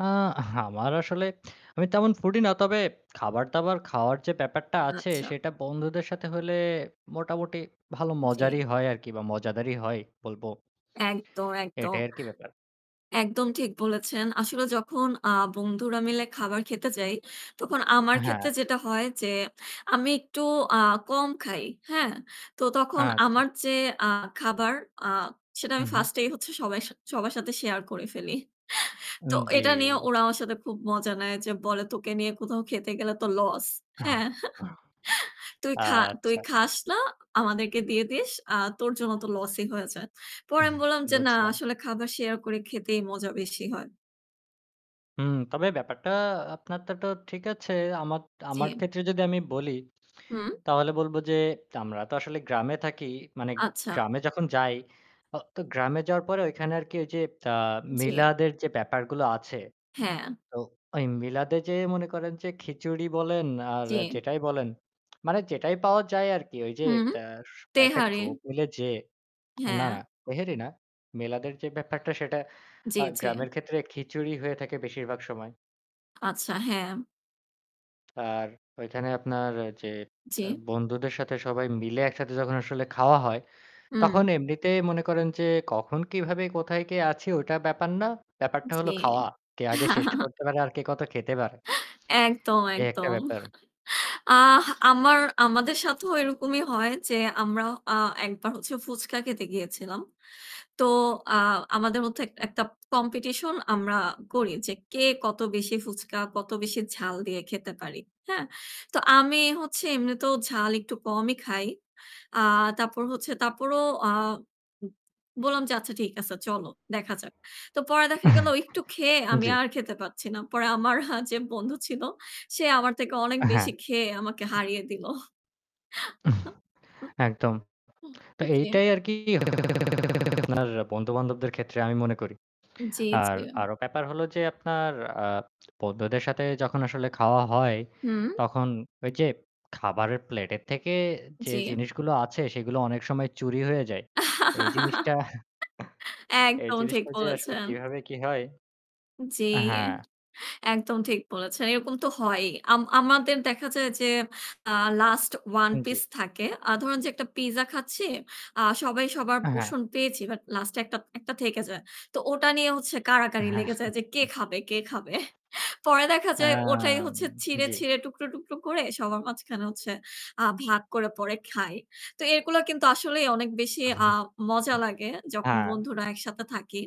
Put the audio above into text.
আ আমার আসলে আমি তেমন ফুডি না। তবে খাবার-দাবার খাওয়ার যে ব্যাপারটা আছে আচ্ছা। সেটা বন্ধুদের সাথে হইলে মোটামুটি ভালো মজারই জি। হয় আরকি বা মজাদারই হয় বলব। একদম, একদম। এটাই আরকি ব্যাপার। একদম ঠিক বলেছেন। আসলে যখন আ বন্ধুরা মিলে খাবার খেতে যাই তখন আমার অ্যা ক্ষেত্রে হ্যাঁ। যেটা হয় যে আমি একটু আ কম খাই, হ্যাঁ? তো তখন আচ্ছা। আমার যে আ খাবার সেটা আমি উহু। first এই হচ্ছে সবাই সা সবার সাথে share করে ফেলি। তো উম জি। এটা নিয়ে ওরা আমার সাথে খুব মজা নেয় যে বলে, "তোকে নিয়ে কোথাও খেতে গেলে তো loss" আহ্ হ্যাঁ? "তুই আ খা, তুই আচ্ছা। খাস না আমাদেরকে দিয়ে দিস আর তোর জন্য তো loss ই হয়ে যায়।" পরে উহ্ আমি বললাম, যে "না বুঝলাম। আসলে খাবার share করে খেতেই মজা বেশি হয়।" উম তবে ব্যাপারটা আপনা তারটাও ঠিক আছে। আমার আমার জি। ক্ষেত্রে যদি আমি বলি, হুম। তাহলে বলব যে আমরা তো আসলে গ্রামে থাকি। মানে আচ্ছা। গ্রামে যখন যাই অ তো গ্রামে যাওয়ার পরে ওইখানে আরকি ওই যে আ জি। মিলাদের যে ব্যাপারগুলো আছে, হ্যাঁ। তো ওই মিলাদে যেয়ে মনে করেন যে খিচুড়ি বলেন আর জি। যেটাই বলেন মানে যেটাই পাওয়া যায় আরকি। ওই যে হুম, অ্যা সু একটা তেহারি। গ্রুপ হইলে যে, না, না, হ্যাঁ। তেহারি না। মিলাদের যে ব্যাপারটা সেটা জি, আ জি। গ্রামের ক্ষেত্রে খিচুড়ি হয়ে থাকে বেশিরভাগ সময়। আচ্ছা, হ্যাঁ। আর ওইখানে আপনার যে অ্যা জি। বন্ধুদের সাথে সবাই মিলে একসাথে যখন আসলে খাওয়া হয়, হুম। তখন এমনিতে মনে করেন যে কখন, কিভাবে, কোথায়, কে আছি ওইটা ব্যাপার না। ব্যাপারটা হলো জি। খাওয়া। কে আগে শেষ করতে পারে, আর কে কত খেতে পারে। একদম, এই একটা একদম। ব্যাপার। আহ আমার, আমাদের সাথেও এরকমই হয় যে আমরা আ একবার হচ্ছে ফুচকা খেতে গিয়েছিলাম। তো আ আমাদের মধ্যে এক একটা competition আমরা করি যে কে কত বেশি ফুচকা, কত বেশি ঝাল দিয়ে খেতে পারি, হ্যাঁ? তো আমি হচ্ছে এমনিতেও ঝাল একটু কমই খাই। আ তারপর হচ্ছে তারপরও আ উম বললাম যে আচ্ছা ঠিক আছে চলো দেখা যাক। তো পরে দেখা গেল একটু খেয়ে আমি জি। আর খেতে পারছি না। পরে আমার আ যে বন্ধু ছিল সে আমার থেকে অনেক অ্যা হ্যাঁ। বেশি খেয়ে আমাকে হারিয়ে দিল। একদম। তো জি। এইটাই আরকি আপনার বন্ধু-বান্ধবদের ক্ষেত্রে আমি মনে করি। জি, আর জি। আরও ব্যাপার হলো যে আপনার আ বন্ধুদের সাথে যখন আসলে খাওয়া হয় হুম। তখন ওই যে খাবারের প্লেটের থেকে যে জি। জিনিসগুলো আছে সেগুলো অনেক সময় চুরি হয়ে যায়। এই জিনিসটা, এই একদম ঠিক জিনিসটা যে আসলে বলেছেন। কিভাবে কি হয়? জি, অ্যা হ্যাঁ। একদম ঠিক বলেছেন। এরকম তো হয়ই। আম আমাদের দেখা যায় যে আ last one জি। piece থাকে। আ ধরুন যে একটা পিজ্জা খাচ্ছি, আ সবাই সবার আ হ্যাঁ। portion পেয়েছি but last এ একটা, একটা থেকে যায়। তো ওটা নিয়ে হচ্ছে কারাকারি হ্যাঁ। লেগে যায় যে কে খাবে, কে খাবে। পরে দেখা যায় ওটাই অ্যাম হচ্ছে ছিঁড়ে, জি। ছিঁড়ে টুকরো, টুকরো করে সবার মাঝখানে হচ্ছে আ ভাগ করে পরে খাই। তো এগুলা কিন্তু আসলেই অনেক বেশি আ মজা লাগে যখন অ্যা বন্ধুরা একসাথে থাকি